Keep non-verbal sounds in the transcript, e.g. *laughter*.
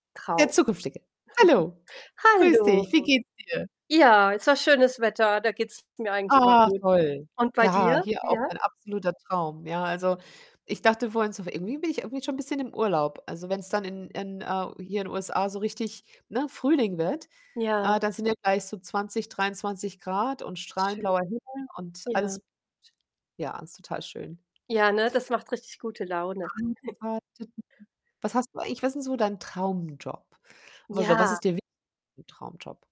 Der Trau. Zukünftige. Hallo, grüße *chuckles* Hallo. dich. Wie geht's dir? Ja, ist ja schönes Wetter, da geht's mir eigentlich immer Ach, gut. toll. Und bei Ja, dir, hier auch ja? ein absoluter Traum, ja. Also, ich dachte vorhin so: „Irgendwie bin ich irgendwie schon 'n bisschen im Urlaub.“ Also, wenn's dann in in, äh hier in den USA so richtig, ne, Frühling wird, äh, Ja. dann sind ja gleich so 20, 23 C und strahlend Schön. blauer Himmel und Ja. alles *unintelligible* ja, alles total schön. Ja, ne, das macht richtig gute Laune. *chuckles* *unintelligible* Was hast du eigentlich was ist denn so dein Traumjob? *unintelligible* was Ja. ist dir wi *unintelligible* Traumjob?